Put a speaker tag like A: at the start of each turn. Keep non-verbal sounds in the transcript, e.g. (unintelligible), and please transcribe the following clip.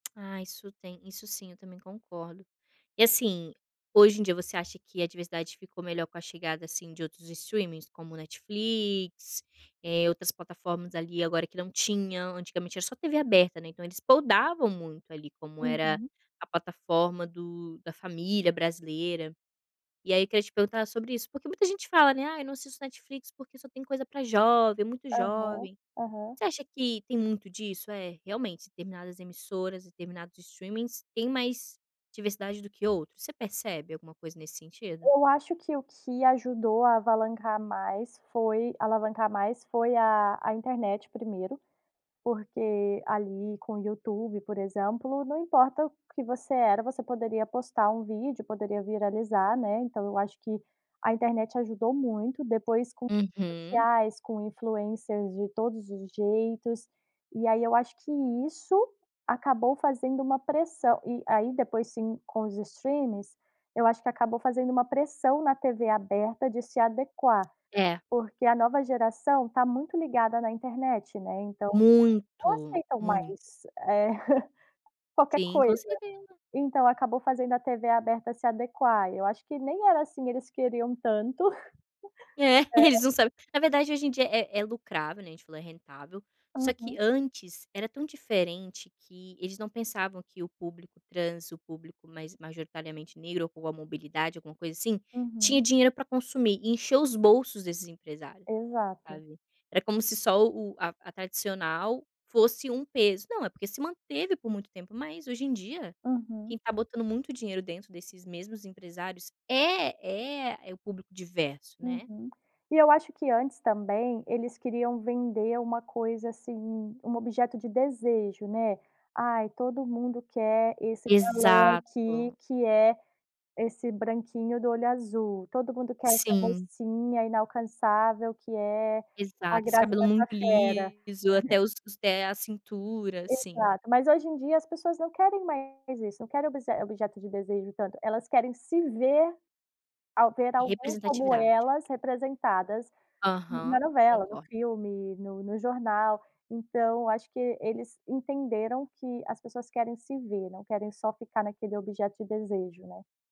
A: Ah, isso tem, isso sim, eu também concordo. E assim, hoje em dia, você acha que a diversidade ficou melhor com a chegada, assim, de outros streamings como Netflix, eh, outras plataformas, ali, agora que não tinham? Antigamente era só TV aberta, né, então eles podavam muito, ali, como era
B: Uhum.
A: a plataforma do da família brasileira. E aí eu queria te perguntar sobre isso, porque muita gente fala, né: "Ai, não assisto Netflix, porque só tem coisa para jovem, muito
B: Aham,
A: jovem".
B: aham.
A: Você acha que tem muito disso? "É, realmente, determinadas emissoras, determinados streamings, têm mais diversidade do que outros." Você percebe alguma coisa nesse sentido?
B: Eu acho que o que ajudou a alavancar mais foi alavancar mais foi a a internet 1º. Porque, ali, com o YouTube, por exemplo, não importa o que você era, você poderia postar um vídeo, poderia viralizar, né. Então eu acho que a internet ajudou muito. Depois, com as redes
A: Uhum.
B: sociais, com influencers de todos os jeitos. E aí eu acho que isso acabou fazendo uma pressão. E aí, depois, sim, com os streamings, eu acho que acabou fazendo uma pressão na TV aberta de se adequar.
A: É.
B: Porque a nova geração está muito ligada na internet, né. Então eles não
A: Muito,
B: aceitam
A: muito.
B: mais É, (chuckles) qualquer
A: Sim, com
B: coisa.
A: certeza!
B: Então acabou fazendo a TV aberta se adequar. E eu acho que nem era assim, eles queriam tanto
A: É,
B: (chuckles) É.
A: eles não sabem. Na verdade, hoje em dia, é é é lucrável, né, a gente falou, é rentável, só que
B: Uhum.
A: antes era tão diferente que eles não pensavam que o público trans, o público mais majoritariamente negro ou com a mobilidade, alguma coisa assim, tinha
B: Uhum.
A: dinheiro para consumir. E encheu os bolsos desses empresário,
B: Exato.
A: sabe. Era como se só o a a tradicional fosse um peso. Não, é porque se manteve por muito tempo, mas hoje em dia,
B: Uhum.
A: quem está botando muito dinheiro dentro desses mesmos empresários é é é o público diverso, né.
B: Uhum. E eu acho que antes, também, eles queriam vender uma coisa assim, um objeto de desejo, né: "Aí, todo mundo quer esse balão aqui,
A: Exato!
B: que é esse branquinho do olho azul. Todo mundo quer essa
A: Sim.
B: mocinha inalcançável, que é a
A: Exato! Esse
B: Grazi
A: cabelo é muito
B: Massafera."
A: liso. Até os os (unintelligible) é a cintura, sim.
B: Exato! Mas, hoje em dia, as pessoas não querem mais isso, não querem obse objeto de desejo tanto, elas querem se ver ao ver alguém como
A: Representatividade.
B: elas representadas na
A: Aham,
B: novela, no
A: concordo.
B: filme, no no jornal. Então, acho que eles entenderam que as pessoas querem se ver, não querem só ficar naquele objeto de desejo, né.